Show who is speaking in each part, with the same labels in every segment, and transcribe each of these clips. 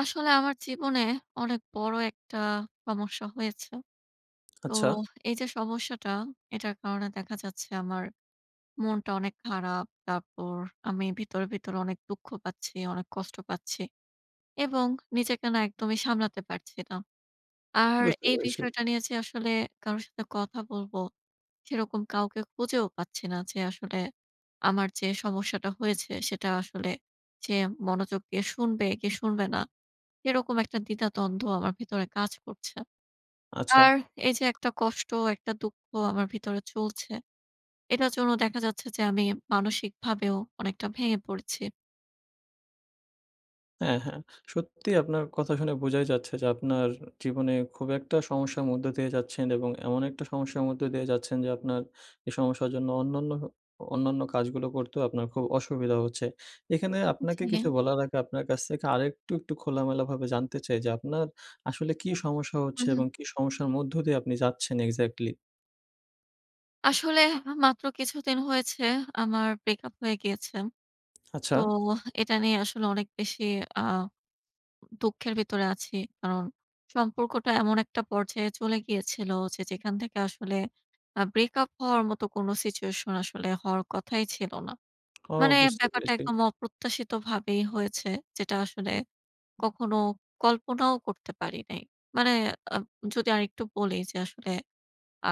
Speaker 1: আসলে আমার জীবনে অনেক বড় একটা সমস্যা হয়েছে। তো
Speaker 2: আচ্ছা।
Speaker 1: এই যে সমস্যাটা এটার কারণে দেখা যাচ্ছে আমার মনটা অনেক খারাপ। তারপর, আমি ভিতরে, ভিতরে অনেক দুঃখ পাচ্ছি, অনেক কষ্ট পাচ্ছি এবং নিজেকে না একদমই সামলাতে পারছি না। আর
Speaker 2: বুঝতে
Speaker 1: এই
Speaker 2: পেরেছি।
Speaker 1: বিষয়টা নিয়ে যে আসলে কারো সাথে কথা বলবো, সেরকম কাউকে খুঁজেও পাচ্ছি না যে আসলে আমার যে সমস্যাটা হয়েছে সেটা আসলে যে, মনোযোগ দিয়ে শুনবে কি শুনবে না? এরকম একটা দ্বিধাদ্বন্দ্ব আমার ভেতরে কাজ করছে। আর,
Speaker 2: আচ্ছা।
Speaker 1: এই যে একটা কষ্ট একটা দুঃখ আমার ভিতরে চলছে, এটার জন্য দেখা যাচ্ছে যে আমি মানসিকভাবেও অনেকটা ভেঙে পড়ছি।
Speaker 2: হ্যাঁ, হ্যাঁ! সত্যি আপনার কথা শুনে বোঝাই যাচ্ছে যে, আপনার জীবনে খুব একটা সমস্যার মধ্য দিয়ে যাচ্ছেন এবং এমন একটা সমস্যার মধ্য দিয়ে যাচ্ছেন যে আপনার এই সমস্যার জন্য অন্যান্য অন্যান্য কাজগুলো করতেও আপনার খুব অসুবিধা হচ্ছে। এখানে আপনাকে
Speaker 1: জি।
Speaker 2: কিছু বলার আগে আপনার কাছ থেকে আরেকটু একটু খোলামেলাভাবে জানতে চাই যে, আপনার আসলে কী সমস্যা
Speaker 1: হু,
Speaker 2: হচ্ছে
Speaker 1: হু।
Speaker 2: এবং কী সমস্যার মধ্য দিয়ে আপনি যাচ্ছেন exactly?
Speaker 1: আসলে হা মাত্র কিছুদিন হয়েছে, আমার ব্রেক আপ হয়ে গিয়েছে।
Speaker 2: আচ্ছা।
Speaker 1: তো হা এটা নিয়ে আসলে অনেক বেশি আ দুঃখের ভিতরে আছি। কারণ সম্পর্কটা এমন একটা পর্যায়ে চলে গিয়েছিল, যে যেখান থেকে আসলে আ ব্রেক আপ হওয়ার মতো কোন সিচুয়েশন আসলে হওয়ার কথাই ছিল না।
Speaker 2: ও!
Speaker 1: মানে
Speaker 2: বুঝতে
Speaker 1: ব্যাপারটা
Speaker 2: পেরেছি।
Speaker 1: একদম অপ্রত্যাশিতভাবেই হয়েছে, যেটা আসলে কখনো কল্পনাও করতে পারি নাই। মানে আ যদি আরেকটু বলি, যে আসলে আ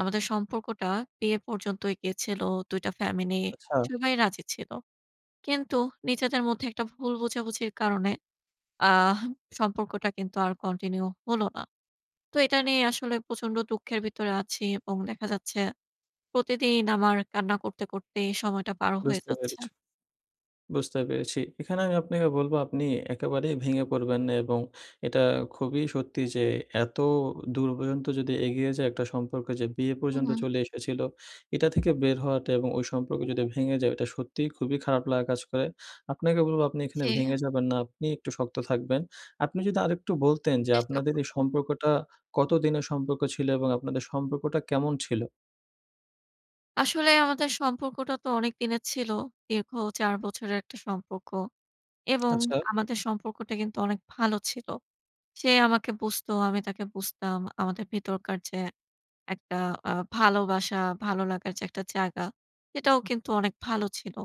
Speaker 1: আমাদের সম্পর্কটা বিয়ে পর্যন্তই গেছিল। ২ টা ফ্যামিলি
Speaker 2: আচ্ছা।
Speaker 1: সবাই রাজি ছিল। কিন্তু নিজেদের মধ্যে একটা ভুল বোঝাবুঝির কারণে আহ সম্পর্কটা কিন্তু আর কন্টিনিউ হলো না। তো এটা নিয়ে আসলে প্রচন্ড দুঃখের ভিতরে আছি, এবং দেখা যাচ্ছে প্রতিদিন আমার কান্না করতে, করতে সময়টা পার হয়ে
Speaker 2: বুঝতে
Speaker 1: যাচ্ছে।
Speaker 2: পেরেছ বুঝতে পেরেছি। এখানে আমি আপনাকে বলব, "আপনি একেবারেই ভেঙে পড়বেন না, এবং এটা খুবই সত্যি যে এত দূর পর্যন্ত যদি এগিয়ে যায় একটা সম্পর্কে, যে বিয়ে
Speaker 1: হু,
Speaker 2: পর্যন্ত
Speaker 1: হু।
Speaker 2: চলে এসেছিল, এটা থেকে বের হওয়াটা এবং ওই সম্পর্ক যদি ভেঙে যায়, ওইটা সত্যিই খুবই খারাপ লাগা কাজ করে।" আপনাকে বলব, "আপনি এখানে
Speaker 1: জি আ
Speaker 2: ভেঙে যাবেন না, আপনি একটু শক্ত থাকবেন।" আপনি যদি আরেকটু বলতেন, যে
Speaker 1: চেষ্টা
Speaker 2: আপনাদের এই
Speaker 1: করব।
Speaker 2: সম্পর্কটা কত দিনের সম্পর্ক ছিল? এবং আপনাদের সম্পর্কটা কেমন ছিল?
Speaker 1: আসলে আমাদের সম্পর্কটা তো অনেকদিনের ছিল। দীর্ঘ ৪ বছরের একটা সম্পর্ক। এবং
Speaker 2: আচ্ছা।
Speaker 1: আমাদের সম্পর্কটা কিন্তু অনেক ভালো ছিল। সে আমাকে বুঝতো, আমি তাকে বুঝতাম আমাদের ভিতরকার যে একটা আ ভালোবাসা, ভালো লাগার যে একটা জায়গা এটাও কিন্তু অনেক ভালো ছিল।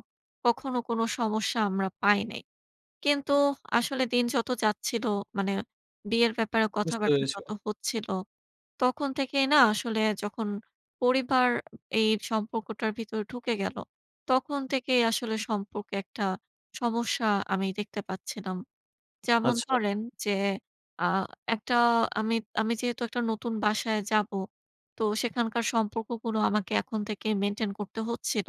Speaker 1: কখনো কোন সমস্যা আমরা পাই নাই। কিন্তু আসলে দিন যত যাচ্ছিলো, মানে বিয়ের ব্যাপারে
Speaker 2: বুঝতে
Speaker 1: কথাবার্তা
Speaker 2: পেরেছি।
Speaker 1: যত হচ্ছিল, তখন থেকেই না আসলে যখন পরিবার এই সম্পর্কটার ভিতরে ঢুকে গেল, তখন থেকেই আসলে সম্পর্কে একটা সমস্যা আমি দেখতে পাচ্ছিলাম। যেমন
Speaker 2: আচ্ছা।
Speaker 1: ধরেন যে আ একটা আমি, আমি যেহেতু একটা নতুন বাসায় যাবো। তো সেখানকার সম্পর্কগুলো আমাকে এখন থেকেই মেইনটেইন করতে হচ্ছিল,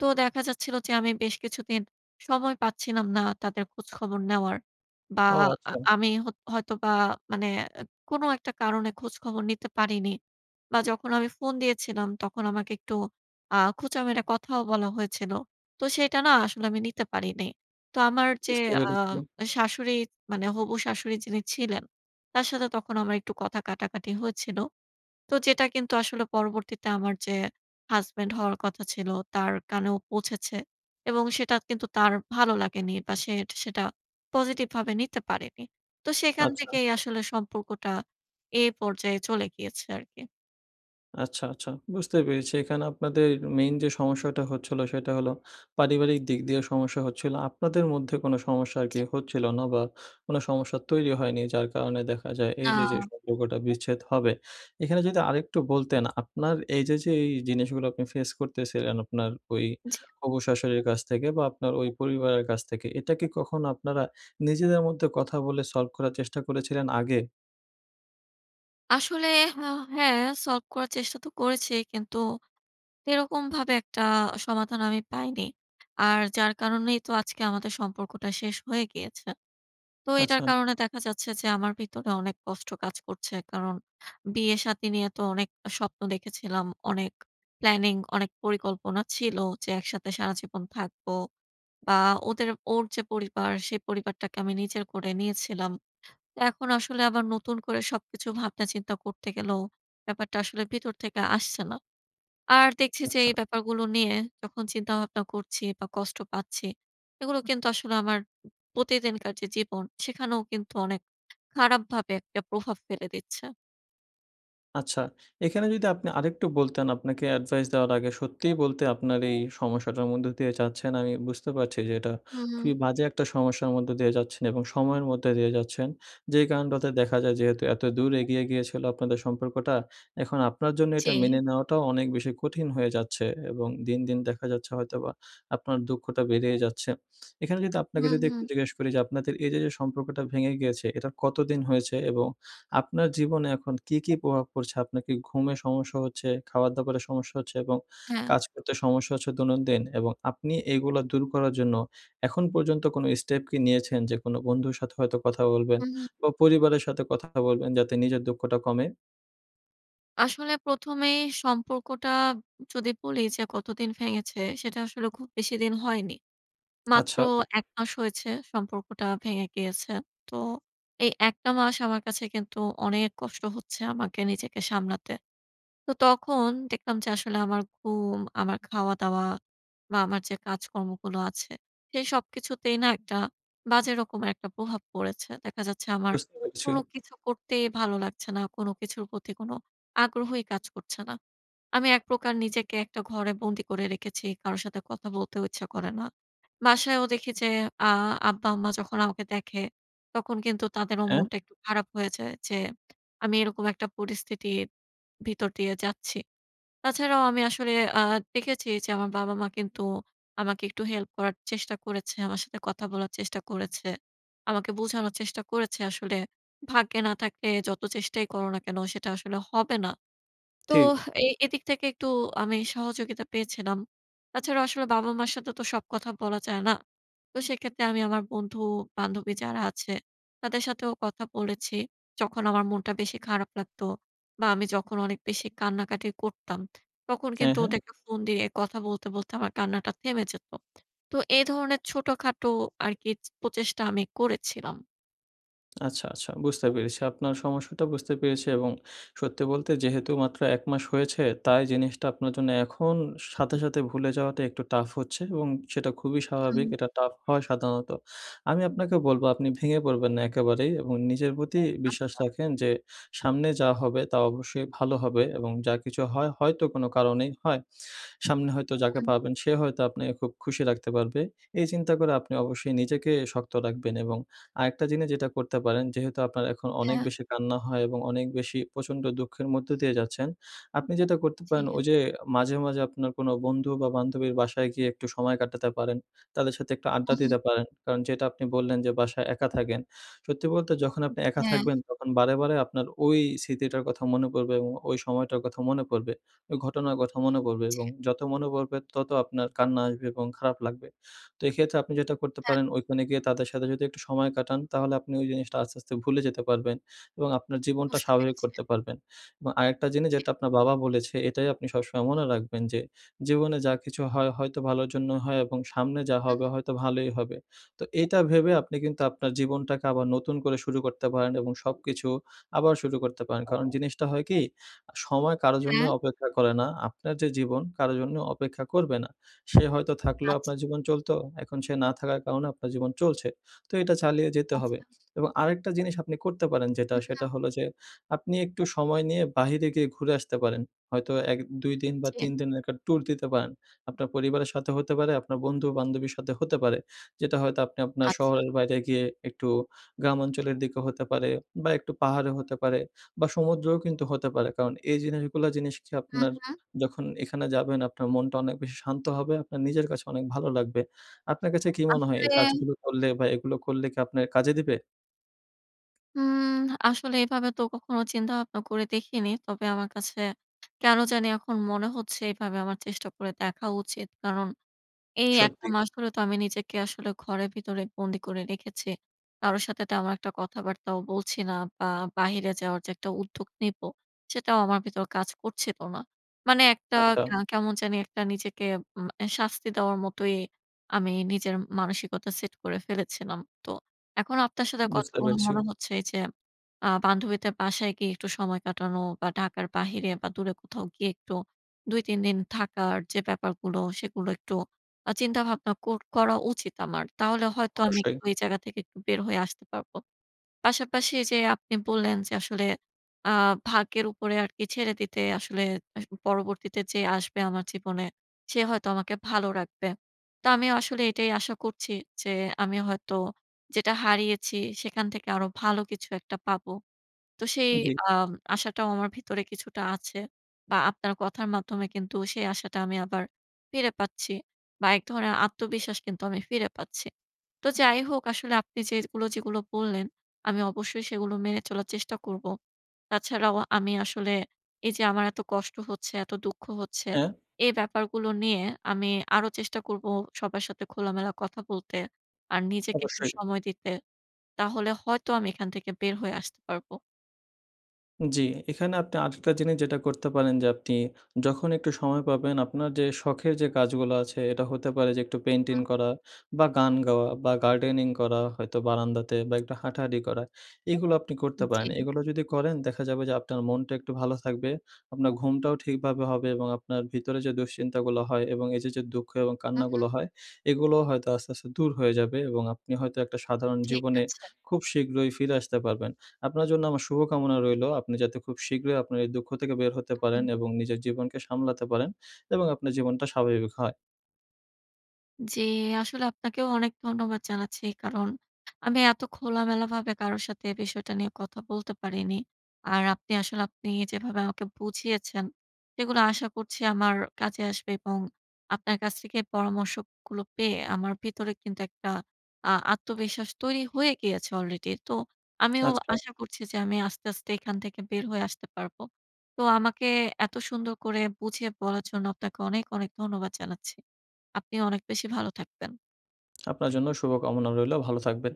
Speaker 1: তো দেখা যাচ্ছিল যে আমি বেশ কিছুদিন সময় পাচ্ছিলাম না তাদের খোঁজখবর নেওয়ার বা
Speaker 2: ও
Speaker 1: আ
Speaker 2: আচ্ছা!
Speaker 1: আমি হত হয়তোবা মানে অ্যা কোন একটা কারণে খোঁজখবর নিতে পারিনি। বা যখন আমি ফোন দিয়েছিলাম তখন আমাকে একটু আ খোঁচা মেরে কথাও বলা হয়েছিল। তো সেটা না আসলে আমি নিতে পারিনি। তো আমার যে
Speaker 2: বুঝতে পেরেছি।
Speaker 1: আম শাশুড়ি মানে হবু শ্বাশুড়ি যিনি ছিলেন তার সাথে তখন আমার একটু কথা কাটাকাটি হয়েছিল। তো যেটা কিন্তু আসলে পরবর্তীতে আমার যে হাসব্যান্ড হওয়ার কথা ছিল তার কানেও পৌঁছেছে। এবং সেটা কিন্তু তার ভালো লাগেনি বা সেট সেটা পজিটিভ ভাবে নিতে পারেনি। তো সেখান
Speaker 2: আচ্ছা।
Speaker 1: থেকেই আসলে সম্পর্কটা এই পর্যায়ে চলে গিয়েছে আর কি।
Speaker 2: আচ্ছা, আচ্ছা। বুঝতে পেরেছি এখানে আপনাদের main যে সমস্যাটা হচ্ছিল, সেটা হলো পারিবারিক দিক দিয়ে সমস্যা হচ্ছিলো। আপনাদের মধ্যে কোন সমস্যা আর কি
Speaker 1: জি।
Speaker 2: হচ্ছিল নবা কোন সমস্যা তৈরি হয়নি যার কারণে দেখা যায় এই যে, যে
Speaker 1: আ
Speaker 2: সম্পর্কটা বিচ্ছেদ হবে। এখানে যদি আরেকটু বলতেন আপনার এই যে, যে এই জিনিসগুলো আপনি face করতেছিলেন আপনার ওই
Speaker 1: জি।
Speaker 2: হবু শ্বাশুড়ির কাছ থেকে বা আপনার ওই পরিবারের কাছ থেকে এটা কি কখনো আপনারা, নিজেদের মধ্যে কথা বলে solve করার চেষ্টা করেছিলেন আগে?
Speaker 1: আসলে হা হ্যাঁ। solve করার চেষ্টা তো করেছি। কিন্তু সেরকম ভাবে একটা সমাধান আমি পাইনি। আর যার কারণেই তো আজকে আমাদের সম্পর্কটা শেষ হয়ে গিয়েছে। তো এটার
Speaker 2: আচ্ছা।
Speaker 1: কারণে দেখা যাচ্ছে যে আমার ভিতরে অনেক কষ্ট কাজ করছে। কারণ বিয়ে-শাদি নিয়ে তো অনেক আ স্বপ্ন দেখেছিলাম। অনেক planning, অনেক পরিকল্পনা ছিল যে একসাথে সারাজীবন থাকবো। বা ওদের ওর যে পরিবার, সে পরিবারটাকে আমি নিজের করে নিয়েছিলাম। তা এখন আসলে আবার নতুন করে সবকিছু ভাবনা-চিন্তা করতে গেলেও ব্যাপারটা আসলে ভিতর থেকে আসছে না। আর দেখছি যে
Speaker 2: আচ্ছা।
Speaker 1: এই ব্যাপারগুলো নিয়ে যখন চিন্তা-ভাবনা করছি বা কষ্ট পাচ্ছি এগুলো কিন্তু আসলে আমার প্রতিদিনকার যে জীবন, সেখানেও কিন্তু অনেক খারাপভাবে একটা প্রভাব ফেলে দিচ্ছে।
Speaker 2: আচ্ছা, এখানে যদি আপনি আরেকটু বলতেন, আপনাকে অ্যাডভাইস দেওয়ার আগে। সত্যিই বলতে আপনার এই সমস্যাটার মধ্য দিয়ে যাচ্ছেন, আমি বুঝতে পারছি যে এটা
Speaker 1: হুম।
Speaker 2: খুবই বাজে একটা সমস্যার মধ্যে দিয়ে যাচ্ছেন এবং সময়ের মধ্যে দিয়ে যাচ্ছেন। যে কারনটাতে দেখা যায়, যেহেতু এত দূর এগিয়ে গিয়েছিলো আপনাদের সম্পর্কটা, এখন আপনার জন্য এটা
Speaker 1: জি।
Speaker 2: মেনে নেওয়াটাও অনেক বেশি কঠিন হয়ে যাচ্ছে এবং দিন, দিন দেখা যাচ্ছে হয়তোবা আপনার দুঃখটা বেড়েই যাচ্ছে। এখানে যদি আপনাকে
Speaker 1: হুম,
Speaker 2: যদি একটু
Speaker 1: হুম।
Speaker 2: জিজ্ঞেস করি যে আপনাদের এইযে যে সম্পর্কটা ভেঙে গিয়েছে, এটা কতদিন হয়েছে এবং আপনার জীবনে এখন কি, কি প্রভাব পড়ছে? আপনার কি ঘুমের সমস্যা হচ্ছে, খাবার দাবারের সমস্যা হচ্ছে এবং
Speaker 1: হ্যাঁ।
Speaker 2: কাজ করতে সমস্যা হচ্ছে দৈনন্দিন? এবং আপনি এগুলো দূর করার জন্য এখন পর্যন্ত কোনো স্টেপ কি নিয়েছেন? যে কোনো বন্ধুর সাথে হয়তো কথা বলবেন
Speaker 1: হুম, হুম।
Speaker 2: বা পরিবারের সাথে কথা বলবেন যাতে নিজের দুঃখটা কমে?
Speaker 1: আসলে প্রথমেই সম্পর্কটা যদি বলি যে কতদিন ভেঙেছে, সেটা আসলে খুব বেশিদিন হয়নি। মাত্র
Speaker 2: আচ্ছা।
Speaker 1: ১ মাস হয়েছে সম্পর্কটা ভেঙে গিয়েছে। তো এই ১ টা মাস আমার কাছে কিন্তু অনেক কষ্ট হচ্ছে আমাকে, নিজেকে সামলাতে। তো তখন দেখলাম যে আসলে আমার ঘুম, আমার খাওয়া-দাওয়া বা আমার যে কাজকর্মগুলো আছে, সেই সবকিছুতেই না একটা বাজে রকমের একটা প্রভাব পড়েছে। দেখা যাচ্ছে আমার
Speaker 2: বুঝতে পেরেছি।
Speaker 1: কোনো কিছু করতেই ভালো লাগছে না। কোনো কিছুর প্রতি কোনো আগ্রহই কাজ করছে না। আমি এক প্রকার নিজেকে একটা ঘরে বন্দি করে রেখেছি। কারো সাথে কথা বলতেও ইচ্ছা করে না। বাসায়ও দেখি যে আ আব্বা-আম্মা যখন আমাকে দেখে, তখন কিন্তু তাদেরও
Speaker 2: হ্যাঁ?
Speaker 1: মনটা একটু খারাপ হয়ে যায়, যে আমি এরকম একটা পরিস্থিতির ভিতর দিয়ে যাচ্ছি। তাছাড়াও আমি আসলে আ দেখেছি যে আমার বাবা-মা কিন্তু আমাকে একটু হেল্প করার চেষ্টা করেছে। আমার সাথে কথা বলার চেষ্টা করেছে। আমাকে বোঝানোর চেষ্টা করেছে আসলে, "ভাগ্যে না থাকে যত চেষ্টাই করো না কেন সেটা আসলে হবে না।" তো
Speaker 2: ঠিক।
Speaker 1: এ এদিক থেকে একটু আমি সহযোগিতা পেয়েছিলাম। তাছাড়াও আসলে বাবা-মার সাথে তো সব কথা বলা যায় না। তো সেক্ষেত্রে আমি আমার বন্ধু, বান্ধবী যারা আছে তাদের সাথেও কথা বলেছি। যখন আমার মনটা বেশি খারাপ লাগতো বা আমি যখন অনেক বেশি কান্নাকাটি করতাম, তখন
Speaker 2: হ্যাঁ,
Speaker 1: কিন্তু
Speaker 2: হ্যাঁ।
Speaker 1: ওদেরকে ফোন দিয়ে কথা বলতে, বলতে আমার কান্নাটা থেমে যেতো। তো এই ধরনের ছোটখাটো আরকি প্রচেষ্টা আমি করেছিলাম।
Speaker 2: আচ্ছা, আচ্ছা। বুঝতে পেরেছি। আপনার সমস্যাটা বুঝতে পেরেছি এবং সত্যি বলতে, যেহেতু মাত্র ১ মাস হয়েছে, তাই জিনিসটা আপনার জন্য, এখন সাথে, সাথে ভুলে যাওয়াটা একটু tough হচ্ছে এবং সেটা খুবই স্বাভাবিক।
Speaker 1: হুম।
Speaker 2: এটা tough হয় সাধারণত। আমি আপনাকে বলব, আপনি ভেঙে পড়বেন না একেবারেই এবং নিজের প্রতি বিশ্বাস
Speaker 1: আচ্ছা।
Speaker 2: রাখেন যে, সামনে যা হবে তা অবশ্যই ভালো হবে এবং যা কিছু হয়, হয়তো কোন কারণেই হয়। সামনে হয়তো যাকে
Speaker 1: হুম।
Speaker 2: পাবেন, সে হয়তো আপনাকে খুব খুশি রাখতে পারবে। এই চিন্তা করে আপনি অবশ্যই নিজেকে শক্ত রাখবেন এবং আরেকটা জিনিস যেটা করতে পারেন, যেহেতু আপনার এখন অনেক
Speaker 1: হ্যাঁ।
Speaker 2: বেশি কান্না হয় এবং অনেক বেশি প্রচণ্ড দুঃখের মধ্য দিয়ে যাচ্ছেন। আপনি যেটা করতে পারেন,
Speaker 1: জ্বী।
Speaker 2: ওই যে মাঝে, মাঝে আপনার কোন বন্ধু বা বান্ধবীর বাসায় গিয়ে একটু সময় কাটাতে পারেন। তাদের সাথে একটু আড্ডা
Speaker 1: হুম, হুম।
Speaker 2: দিতে পারেন কারণ, যেটা আপনি বললেন যে, বাসায় একা থাকেন। সত্যি বলতে, যখন আপনি একা
Speaker 1: হ্যাঁ।
Speaker 2: থাকবেন, তখন বারেবারে আপনার ওই স্মৃতিটার কথা মনে পড়বে এবং ওই সময়টার কথা মনে পড়বে। ওই ঘটনার কথা মনে পড়বে
Speaker 1: জি।
Speaker 2: এবং যত মনে পড়বে, তত আপনার কান্না আসবে এবং খারাপ লাগবে। তো এক্ষেত্রে, আপনি যেটা করতে
Speaker 1: হ্যাঁ।
Speaker 2: পারেন, ঐখানে গিয়ে তাদের সাথে যদি একটু সময় কাটান, তাহলে আপনি ওই জিনিসটা আস্তে, আস্তে ভুলে যেতে পারবেন এবং আপনার জীবনটা
Speaker 1: বুঝতে
Speaker 2: স্বাভাবিক
Speaker 1: পেরেছি।
Speaker 2: করতে পারবেন এবং আরেকটা জিনিস
Speaker 1: জ্বী।
Speaker 2: যেটা আপনার বাবা বলেছে, এটাই আপনি সবসময় মনে রাখবেন যে, জীবনে যা কিছু হয়, হয়তো ভালোর জন্যই হয় এবং সামনে যা
Speaker 1: হুম,
Speaker 2: হবে,
Speaker 1: হুম।
Speaker 2: হয়তো ভালোই হবে। তো, এটা ভেবে আপনি কিন্তু আপনার জীবনটাকে আবার নতুন করে শুরু করতে পারেন, এবং সবকিছু আবার শুরু করতে পারেন। কারণ জিনিসটা হয় কি, আ সময় কারো জন্যই
Speaker 1: হ্যাঁ।
Speaker 2: অপেক্ষা করে না। আপনার যে জীবন, কারো জন্য অপেক্ষা করবে না। সে হয়তো থাকলেও
Speaker 1: আচ্ছা।
Speaker 2: আপনার জীবন চলত, এখন সে না থাকার কারণে আপনার জীবন চলছে। তো, এটা চালিয়ে যেতে হবে
Speaker 1: আচ্ছা।
Speaker 2: এবং আরেকটা জিনিস আপনি করতে পারেন যেটা,
Speaker 1: হু,
Speaker 2: সেটা
Speaker 1: হুম।
Speaker 2: হল যে, আপনি একটু সময় নিয়ে, বাহিরে গিয়ে ঘুরে আসতে পারেন। হয়তো, ১, ২ দিন বা
Speaker 1: জ্বী।
Speaker 2: ৩ দিনের একটা ট্যুর দিতে পারেন। আপনার পরিবারের সাথে হতে পারে, আপনার বন্ধু, বান্ধবীর সাথে হতে পারে। যেটা হয়তো আপনি, আপনার
Speaker 1: আচ্ছা।
Speaker 2: শহরের বাইরে গিয়ে, একটু গ্রামাঞ্চলের দিকও হতে পারে বা একটু পাহাড়েও হতে পারে বা সমুদ্রেও কিন্তু হতে পারে কারণ এই জিনিসগুলা, জিনিস
Speaker 1: হু,
Speaker 2: আপনার
Speaker 1: হুম।
Speaker 2: যখন এখানে যাবেন, আপনার মনটা অনেক বেশি শান্ত হবে। আপনার নিজের কাছে, অনেক ভালো লাগবে। আপনার কাছে কি মনে হয়, এই
Speaker 1: আসলে
Speaker 2: কাজগুলো করলে বা এগুলো করলে কি, আপনার কাজে দিবে?
Speaker 1: উম আসলে এভাবে তো কখনো চিন্তা ভাবনা করে দেখিনি। তবে আমার কাছে কেন জানি এখন মনে হচ্ছে এইভাবে আমার চেষ্টা করে দেখা উচিত। কারণ এই একটা
Speaker 2: সত্যি।
Speaker 1: মাস হলে তো আমি নিজেকে আসলে ঘরের ভেতরে বন্দি করে রেখেছি। কারো সাথে তেমন একটা কথাবার্তাও বলছি না বা বাহিরে যাওয়ার যে একটা উদ্যোগ নিবো, সেটাও আমার ভিতর কাজ করছিল না। মানে একটা
Speaker 2: আচ্ছা।
Speaker 1: কা কেমন জানি একটা নিজেকে উম এ শাস্তি দেওয়ার মতোই আমি নিজের মানসিকতা set করে ফেলেছিলাম। তো এখন আপনার সাথে কথা
Speaker 2: বুঝতে
Speaker 1: বলে
Speaker 2: পেরেছি।
Speaker 1: মনে হচ্ছে যে আ বান্ধবীদের বাসায় গিয়ে একটু সময় কাটানো বা ঢাকার বাহিরে বা দূরে কোথাও গিয়ে একটু ২ ৩ দিন থাকার যে ব্যাপারগুলো সেগুলো একটু আ চিন্তা ভাবনা কর করা উচিত আমার। তাহলে হয়তো আমি
Speaker 2: অবশ্যই।
Speaker 1: এক্টু এই জায়গা থেকে একটু বের হয়ে আসতে পারবো। পাশাপাশি এই যে আপনি বললেন যে আসলে আ ভাগ্যের উপরে আরকি ছেড়ে দিতে আসলে পরবর্তীতে যে আসবে আমার জীবনে সে হয়তো আমাকে ভালো রাখবে। তো আমি আসলে এটাই আশা করছি, যে আমি হয়তো যেটা হারিয়েছি সেখান থেকে আরো ভালো কিছু একটা পাবো। তো সেই
Speaker 2: জী।
Speaker 1: আ আশাটাও আমার ভিতরে কিছুটা আছে বা আপনার কথার মাধ্যমে কিন্তু সেই আশাটা আমি আবার ফিরে পাচ্ছি বা এক ধরনের আত্মবিশ্বাস কিন্তু আমি ফিরে পাচ্ছি। তো যাই হোক আসলে আপনি যেগুলো, যেগুলো বললেন আমি অবশ্যই সেগুলো মেনে চলার চেষ্টা করব। তাছাড়াও আমি আসলে এই যে আমার এত কষ্ট হচ্ছে, এত দুঃখ হচ্ছে
Speaker 2: হ্যাঁ?
Speaker 1: এই ব্যাপারগুলো নিয়ে আমি আরো চেষ্টা করব সবার সাথে খোলামেলা কথা বলতে। আর নিজেকে একটু
Speaker 2: অবশ্যই।
Speaker 1: সময় দিতে। তাহলে হয়তো আমি এখান থেকে বের হয়ে আসতে পারবো।
Speaker 2: উম জি এখানে আপনি আরেকটা জিনিস যেটা করতে পারেন যে আপনি যখন একটু সময় পাবেন আপনার যে শখের যে কাজগুলা আছে, এটা হতে পারে যে একটু পেইন্টিং
Speaker 1: হ্যাঁ।
Speaker 2: করা বা গান গাওয়া বা গার্ডেনিং করা, হয়তো বারান্দাতে বা একটু হাঁটাহাঁটি করা এগুলো আপনি করতে
Speaker 1: উম
Speaker 2: পারেন।
Speaker 1: জি।
Speaker 2: এগুলা যদি করেন দেখা যাবে যে আপনার মনটা একটু ভালো থাকবে, আপনার ঘুমটাও ঠিকভাবে হবে এবং আপনার ভিতরে যে দুশ্চিন্তাগুলো হয় এবং এই যে, যে দুঃখ এবং
Speaker 1: হু,
Speaker 2: কান্নাগুলো
Speaker 1: হু।
Speaker 2: হয় এগুলো হয়তো আস্তে, আস্তে দূর হয়ে যাবে এবং আপনি হয়তো একটা সাধারণ
Speaker 1: ঠিক
Speaker 2: জীবনে
Speaker 1: আছে।
Speaker 2: খুব শীঘ্রই ফিরে আসতে পারবেন। আপনার জন্য আমার শুভকামনা রইলো, আপনি যাতে খুব শীঘ্রই আপনার এই দুঃখ থেকে বের হতে পারেন
Speaker 1: হুম।
Speaker 2: এবং নিজের জীবনকে সামলাতে পারেন এবং আপনার জীবনটা স্বাভাবিক হয়।
Speaker 1: জি, আসলে আপনাকেও অনেক ধন্যবাদ জানাচ্ছি কারণ, আমি এত খোলামেলাভাবে কারো সাথে এ বিষয়টা নিয়ে কথা বলতে পারিনি। আর আপনি আসলে আপনি যেভাবে আমাকে বুঝিয়েছেন, সেগুলা আশা করছি আমার কাজে আসবে এবং আপনার কাছ থেকে পরামর্শ গুলো পেয়ে আমার ভিতরে কিন্তু একটা আ আত্মবিশ্বাস তৈরি হয়ে গিয়েছে আলরেডি তো, আমিও
Speaker 2: আচ্ছা।
Speaker 1: আশা করছি যে আমি আস্তে, আস্তে এখান থেকে বের হয়ে আসতে পারবো। তো আমাকে এত সুন্দর করে বুঝিয়ে বলার জন্য আপনাকে অনেক, অনেক ধন্যবাদ জানাচ্ছি আপনি অনেক বেশি ভালো থাকবেন।
Speaker 2: আপনার জন্যও শুভ কামনা রইলেও ভালো থাকবেন।